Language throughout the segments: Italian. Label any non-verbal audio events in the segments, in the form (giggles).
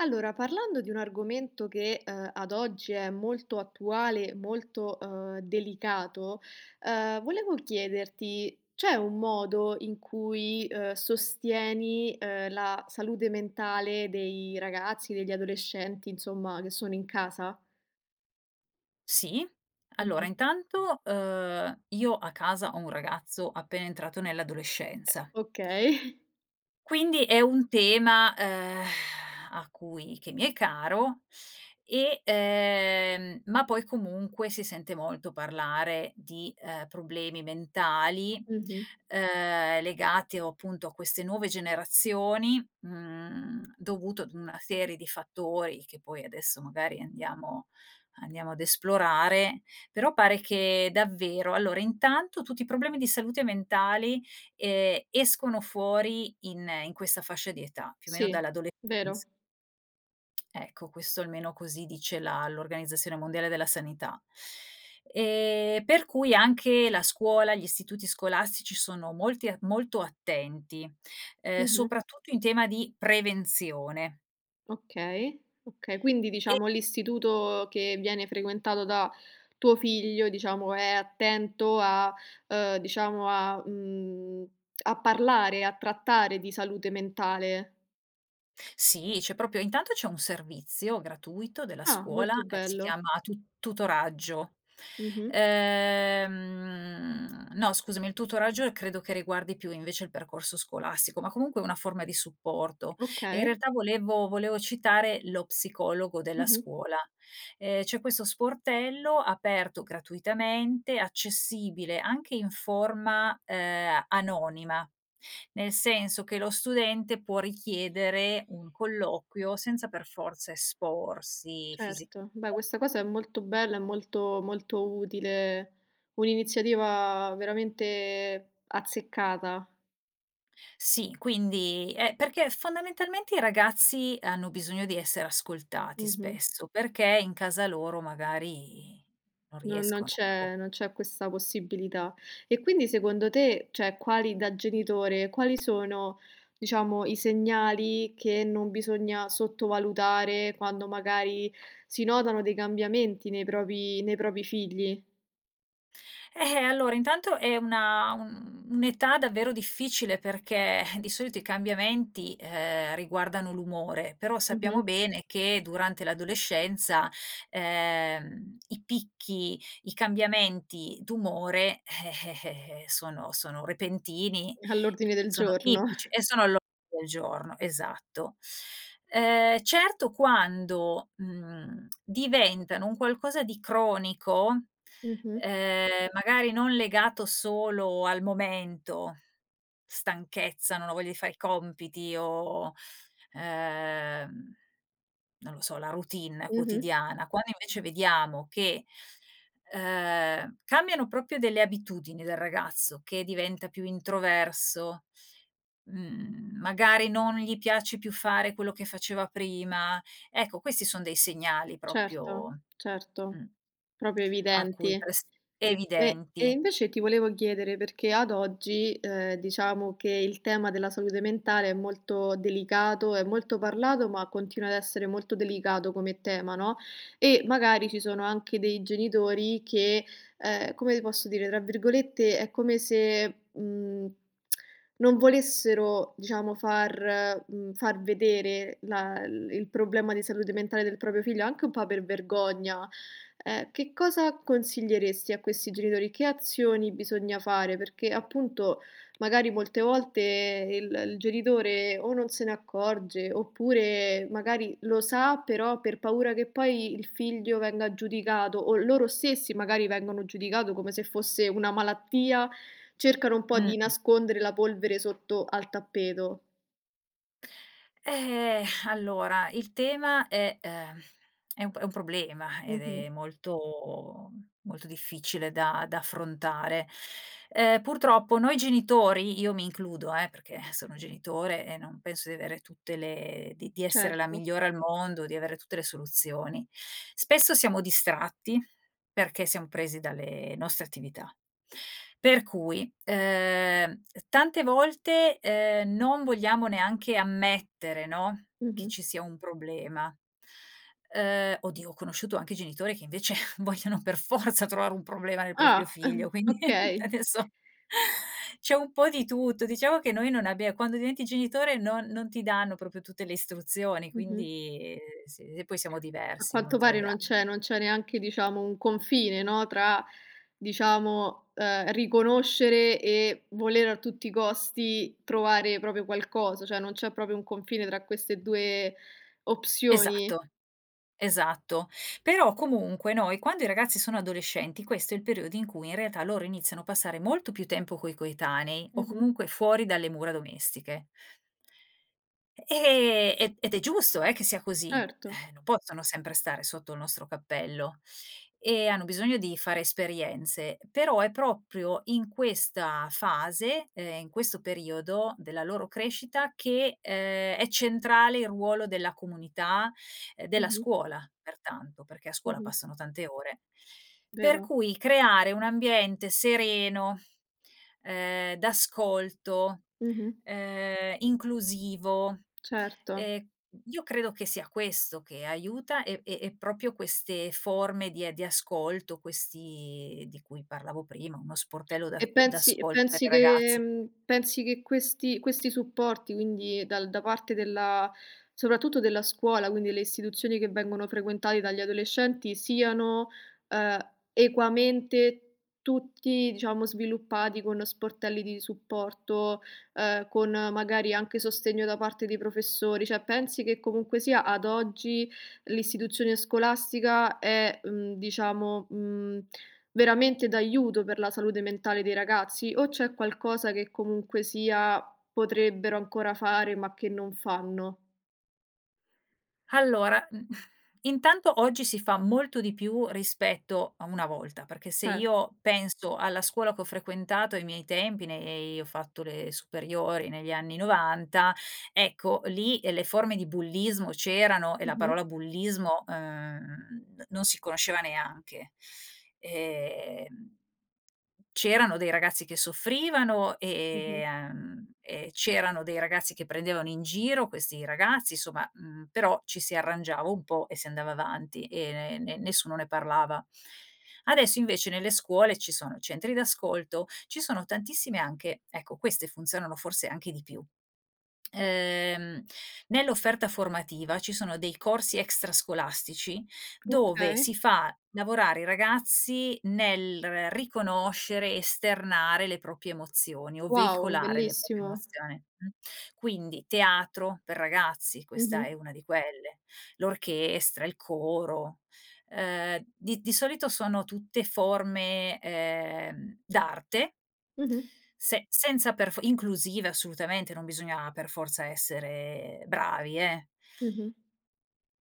Allora parlando di un argomento che, uhm, ad oggi è molto attuale, molto, uhm, delicato, ehm, volevo chiederti c'è un modo in cui, uhm, sostieni, uhm, la salute mentale dei ragazzi, degli adolescenti insomma che sono in casa? Si. Allora Mh-mh. intanto, uhm, io a casa ho un ragazzo appena entrato nell'adolescenza Okay. quindi è un tema, ehm, (sighs) a cui che mi è caro, e ehm, ma poi comunque si sente molto parlare di, ehm, problemi mentali, Mh-mh. ehm, legati o appunto a queste nuove generazioni, mhmm, dovuto ad una serie di fattori, che poi adesso magari andiamo andiamo ad esplorare. Però pare che davvero allora intanto tutti i problemi di salute mentali, ehm, escono fuori in in questa fascia di età, più o meno Sì, dall'adolescenz vero. Ecco questo almeno così dice la l'Organizzazione Mondiale della Sanità. Ehm, per cui anche la scuola, gli istituti scolastici sono molti a molto attenti, ehm, Mh-mh. soprattutto in tema di prevenzione. Okay. Okay. Quindi, E diciamo, l'istituto che viene frequentato da tuo figlio, diciamo, è attento a uhm, diciamo a mhmm, a parlare, a trattare di salute mentale. Sì, c'è proprio intanto c'è un servizio gratuito della Ah, scuola, molto ehm, si bello. chiama tu tutoraggio. Mh-mh. Ehm, no scusami il tutoraggio, ehm, credo che riguardi più, invece, il percorso scolastico, ma comunque è una forma di supporto, e in Okay. realtà volevo volevo citare lo psicologo della Mh-mh. scuola. Ehm, c'è questo sportello aperto gratuitamente, accessibile anche in forma, ehm, anonima, nel senso che lo studente può richiedere un colloquio, senza per forza esporsi fisicame Certo, beh questa cosa è molto bella, è molto molto utile, un'iniziativa veramente azzeccata. Sì, quindi è perché fondamentalmente i ragazzi, hanno bisogno di essere ascoltati Mh-mh. spesso, perché in casa loro magari, non No non riescono, boh. c'è non c'è questa possibilità. E quindi secondo te cioè quali da genitore, quali sono diciamo i segnali che non bisogna sottovalutare, quando magari si notano dei cambiamenti nei propri nei propri figli. Eh allora intanto, è- un un'età davvero difficile, perché (sighs) di solito i cambiamenti, ehm, riguardano l'umore. Però sappiamo Mh-mh. bene che durante l'adolescenza, ehm, i picchi, i cambiamenti d'umore, eh, eh, eh, sono sono repentini, ehm, All'ordine del sono giorno. tipici (chuckles) e sono all'ordine del giorno, esatto. Ehm, certo quando, mhmm, (smacks lips) diventano un qualcosa di cronico, Mh-mh. ehm, magari non legato solo al momento, stanchezza, "non ho voglia di fare i compiti", o, ehm, non lo so la routine Mh-mh. quotidiana. Quando invece vediamo che, ehm, cambiano proprio delle abitudini del ragazzo, che diventa più introverso, mhmm, magari non gli piace più fare quello che faceva prima, ecco questi son dei segnali Certo, proprio, Certo, mh, proprio a cui evidenti. prest E e, evidenti. invece ti volevo chiedere perché ad oggi, ehm, diciamo che il tema della salute mentale è molto delicato, è molto parlato, ma continua ad essere molto delicato come tema, no, e magari ci sono anche dei genitori che, ehm, come ti posso dire, tra virgolette, è come se, mhmm, (clicks tongue) "non volessero", diciamo far mhmm, "far vedere" la il il problema di salute mentale del proprio figlio anche un po' per vergogna. Ehm, che cosa consiglieresti a questi genitori? Che azioni bisogna fare? Perché appunto magari molte volte il il genitore o non se ne accorge, oppure magari lo sa però per paura che poi il figlio venga giudicato, o loro stessi magari vengono giudicato come se fosse una malattia, cercano un po' di Mh-mh. nascondere la polvere sotto al tappeto. Eh, (exhales) allora il tema è ehm, è un p è un problema, ed Mh-mh. è molto molto difficile da da affrontare. Ehm, purtroppo noi genitori, io mi includo eh, perché sono genitore e non penso di avere tutte le di di essere la Certo. migliore al mondo, di avere tutte le soluzioni. Spesso siamo distratti, perché siam presi dalle nostre attività. Per cui, ehm, uhm, tante volte, ehm, non vogliamo neanche ammettere no, che Mh-mh. ci sia un problema, uhm oddio ho conosciuto anche genitori che invece vogliono per forza trovare un problema nel proprio Ah! figlio, (chuckles) quindi (chuckles) okay. adesso c'è un po' di tutto. Diciamo che noi non abbie quando diventi genitore non non ti danno proprio tutte le istruzioni, Mh-mh. quindi, ehm, s e poi siamo A diversi l'uno quanto tra pare gli non an c'è non c'è neanche, diciamo, un confine no, tra diciamo, ehm, riconoscere e volere a tutti i costi trovare proprio qualcosa, cioè non c'è proprio un confine tra queste 2 opzioni. Esatto, esatto. Però comunque noi quando i ragazzi sono adolescenti, questo è il periodo in cui, in realtà, loro iniziano a passare molto più tempo coi coetanei, o Mh-mh. comunque fuori dalle mura domestiche ehm, e ed è giusto, eh, che sia così, Certo. ehm, non possono sempre stare sotto il nostro cappello, e hanno bisogno di fare esperienze. Però è proprio in questa fase, ehm, in questo periodo della loro crescita che, ehm, è centrale il ruolo della comunità, ehm, della Mh-mh. scuola pertanto, perché a scuola Mh-mh. passano tante ore. Per Vero. cui creare un ambiente sereno, ehm, d'ascolto, Mh-mh. ehm, inclusivo, Certo. ehm, io credo che sia questo che aiuta e e e proprio queste forme di ehm, di ascolto, questi di cui parlavo prima uno sportello E d'ac pensi e d'ascolto per i pensi che ragazzi. mhmm, pensi che questi questi supporti quindi dal da parte della soprattutto della scuola, quindi le istituzioni che vengono frequentate dagli adolescenti siano, ehm, equamente tutti diciamo sviluppati con sportelli di supporto, ehm, con magari anche sostegno da parte dei professori, cioè pensi che comunque sia ad oggi, l'istituzione scolastica è, mhmm, diciamo, mhmm, veramente d'aiuto per la salute mentale dei ragazzi, o c'è qualcosa che comunque sia potrebbero ancora fare ma che non fanno? Allora, mhmm, (sighs) intanto oggi si fa molto di più rispetto a una volta, perché se Certo. io penso alla scuola che ho frequentato ai miei tempi, nei ho fatto le superiori negli anni 90 ecco lì, ehm, le forme di bullismo c'erano e la Mh-mh. parola bullismo, ehm, non si conosceva neanche. Ehm, c'erano dei ragazzi che soffrivano e Mh-mh. uhm, e c'erano dei ragazzi che prendevano in giro questi ragazzi, insomma, mhmm, però ci si arrangiava un po' e si andava avanti, e ne ne nessuno ne parlava. Adesso invece nelle scuole ci sono centri d'ascolto, ci sono tantissime anche ecco queste funzionano forse anche di più, uhm, nell'offerta formativa ci sono dei corsi extrascolastici, dove Okay. si fa lavorare i ragazzi nel riconoscere, esternare le proprie emozioni, o Wow, veicolare le proprie bellissimo. emozioni, mh. Quindi teatro per ragazzi questa è Mh-mh. una di quelle, l'orchestra, il coro, ehm, di di solito sono tutte forme, ehm, d'arte Mh-mh. se senza per fo inclusive assolutamente, non bisogna per forza essere bravi eh Mh-mh.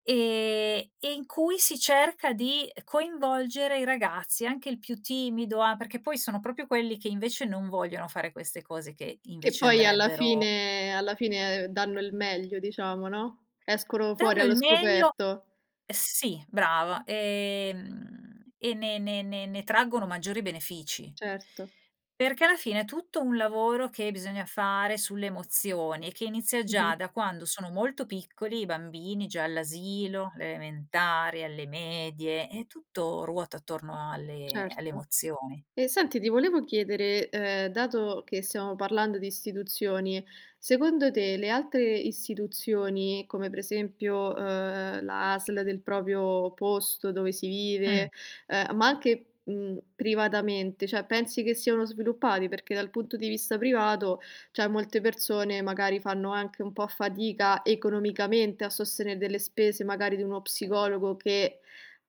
ehm, e in cui si cerca di coinvolgere i ragazzi, anche il più timido a perché poi sono proprio quelli che invece non vogliono fare queste cose che, Che invece, poi alla andrebbero fine alla fine, uhm, danno il meglio diciamo no, escono fuori Danno il allo meglio scoperto. uhm, sì brava, e mhmm, e ne ne ne ne traggono maggiori benefici Certo. perché alla fine è tutto un lavoro che bisogna fare sulle emozioni, e che inizia già Mh-mh. da quando sono molto piccoli i bambini, già all'asilo, le elementari, alle medie e tutto ruota attorno alle alle Certo. emozioni. E senti ti volevo chiedere, ehm, dato che stiamo parlando di istituzioni, secondo te le altre istituzioni come per esempio, uhm, la ASL del proprio posto dove si Mh. vive, ehm, ma anche, mhmm, privatamente, cioè pensi che siano sviluppati? Perché dal punto di vista privato cioè molte persone magari fanno anche un po' fatica economicamente a sostenere delle spese magari di uno psicologo, che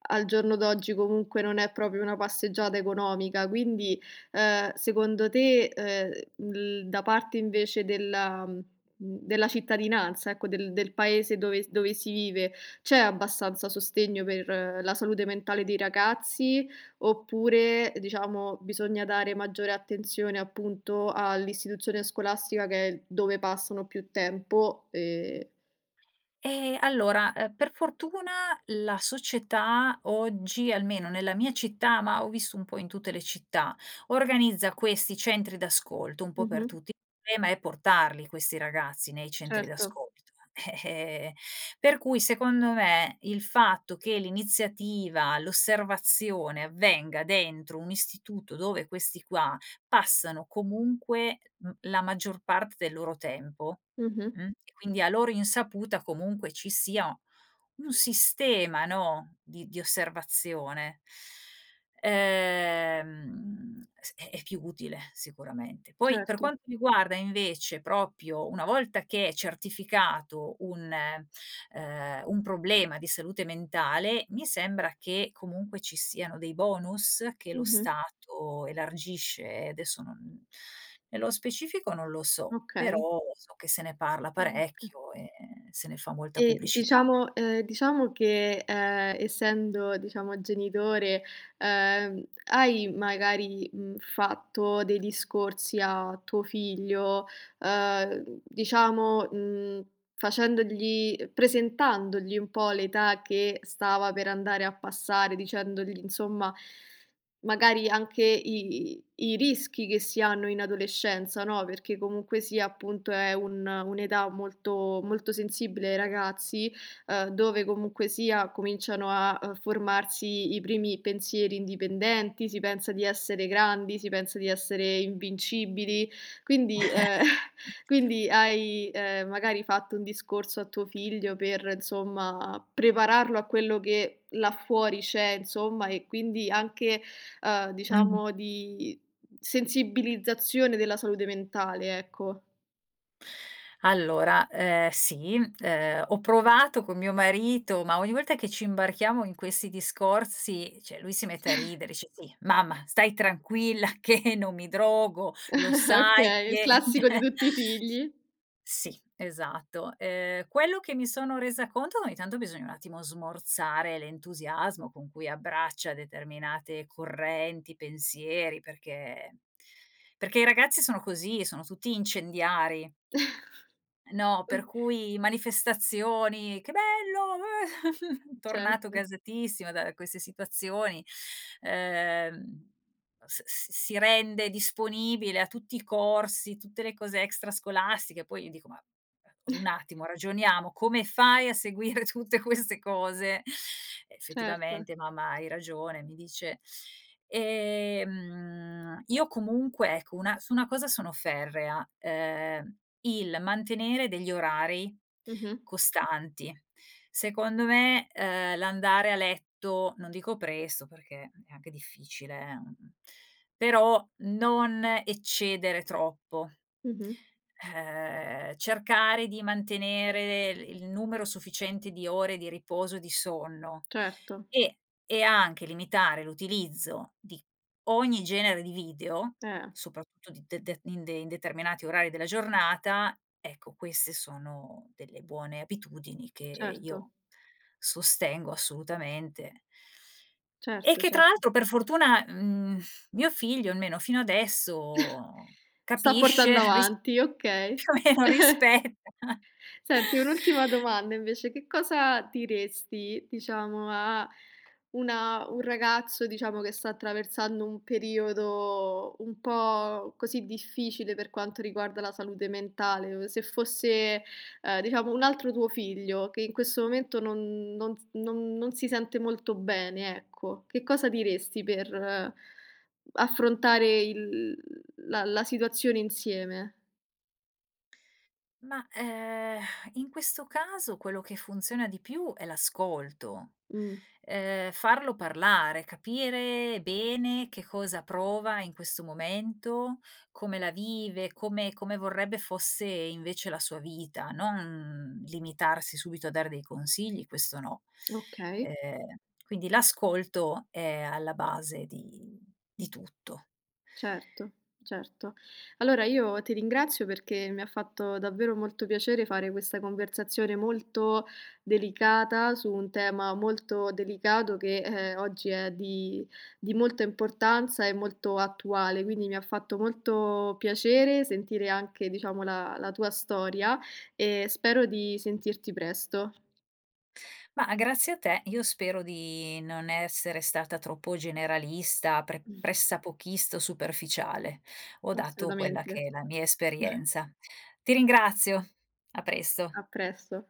al giorno d'oggi comunque non è proprio una passeggiata economica, quindi, uhm, secondo te, uhm, l da parte invece della mhmm, mhmm, della cittadinanza ecco, del del paese dove s dove si vive, c'è abbastanza sostegno per la salute mentale dei ragazzi, oppure diciamo bisogna dare maggiore attenzione, appunto all'istituzione scolastica che è dove passano più tempo, ehm Ehm, allora, uhm, per fortuna, la società oggi, almeno nella mia città, ma ho visto un po' in tutte le città, organizza questi centri d'ascolto un po' per Mh-mh. tutti, il problema è portarli questi ragazzi nei centri Certo. d'ascolto. Eh, eh, per cui secondo me il fatto che l'iniziativa, l'osservazione avvenga dentro un istituto dove questi qua passano comunque, mhmm, la maggior parte del loro tempo, Mh-mh. mh, e quindi a loro insaputa comunque ci sia un sistema no, di di osservazione ehm, s è è più utile sicuramente. Poi per Certo. quanto riguarda invece proprio una volta che è certificato un ehm, un problema di salute mentale, mi sembra che comunque ci siano dei bonus che lo Mh-mh. stato elargisce, e adesso non nello specifico non lo so, Okay. però so che se ne parla Mh-mh, (unintelligible) parecchio, e se ne fa molta E pubblicità. diciamo ehm, diciamo che, ehm, essendo diciamo genitore, uhm, hai magari, mhmm, fatto dei discorsi a tuo figlio, uhm, diciamo, mhmm, facendogli presentandogli un po' l'età che stava per andare a passare, dicendogli insomma, magari anche i i i rischi che si hanno in adolescenza, no, perché comunque sia, appunto è un un'età molto molto sensibile ai ragazzi, uhm, dove comunque sia, cominciano a, uhm, formarsi i primi pensieri indipendenti, si pensa di essere grandi, si pensa di essere invincibili quindi ehm, (chuckles) quindi hai, ehm, magari fatto un discorso a tuo figlio per, insomma, prepararlo a quello che là fuori c'è insomma, e quindi anche, uhm, Mh. diciamo di sensibilizzazione della salute mentale ecco. Allora, ehm, sì, ehm, ho provato con mio marito, ma ogni volta che ci imbarchiamo in questi discorsi, cioè lui si mette a (chuckles) ridere dice: "Sì, mamma stai tranquilla che non mi drogo, lo (chuckles) sai Okay, il che" (chuckles) classico di Cioè tutti i figli. Sì esatto, ehm, quello che mi sono resa conto, che ogni tanto bisogna un attimo smorzare l'entusiasmo con cui abbraccia determinate correnti, pensieri, perché perché i ragazzi sono così, sono tutti incendiari no, per (chuckles) cui manifestazioni: "Che bello, eh." (chuckles) Tornato Certo. gasatissimo da queste situazioni, ehm, uhm, s s si rende disponibile a tutti i corsi, tutte le cose extrascolastiche, poi io dico: "Ma un (chuckles) attimo, ragioniamo, come fai a seguire tutte queste cose?" Certo. "Effettivamente mamma hai ragione." Mi dice. Ehm, io comunque ecco una su una cosa sono ferrea, ehm, il mantenere degli orari Mh-mh. costanti. Secondo me, uhm, l'andare a letto non dico presto perché è anche difficile, eh, mhmm, però non eccedere troppo Mh-mh. ehm, cercare di mantenere l il numero sufficiente di ore di riposo e di sonno. Certo. E e anche limitare l'utilizzo di ogni genere di video, Eh. soprattutto di de de in de in determinati orari della giornata, ecco queste sono delle buone abitudini che Certo. io sostengo assolutamente e Certo, che, tra cer l'altro per fortuna, mhmm, mio figlio, almeno fino (chuckles) adesso, Sta capisce, portando (chuckles) ris avanti, okay. più o meno (giggles) rispetta. Senti un'ultima domanda invece, che cosa diresti diciamo a una un ragazzo diciamo che sta attraversando un periodo un po' così difficile per quanto riguarda la salute mentale, uhm, se fosse, ehm, diciamo un altro tuo figlio, che in questo momento non non s non non si sente molto bene ecco, che cosa diresti per affrontare il la la situazione insieme? Ma, ehm, (sighs) in questo caso quello che funziona di più è l'ascolto, Mh. ehm, farlo parlare, capire bene che cosa prova in questo momento, come la vive, come come vorrebbe fosse invece la sua vita, non limitarsi subito a dare dei consigli, questo no. (clicks tongue) Okay. Ehm, quindi l'ascolto è alla base di di tutto. Certo. Certo. Allora io ti ringrazio perché mi ha fatto davvero molto piacere fare questa conversazione molto delicata, su un tema molto delicato che, ehm, oggi è di di molta importanza e molto attuale, quindi mi ha fatto molto piacere sentire anche diciamo la la tua storia, e spero di sentirti presto. Ma grazie a te, io spero di non essere stata troppo generalista, pre (chuckles) pressapochista o superficiale. Ho dato quella che Assolutamente. è la mia (chuckles) esperienza. Ti ringrazio. A presto. A presto.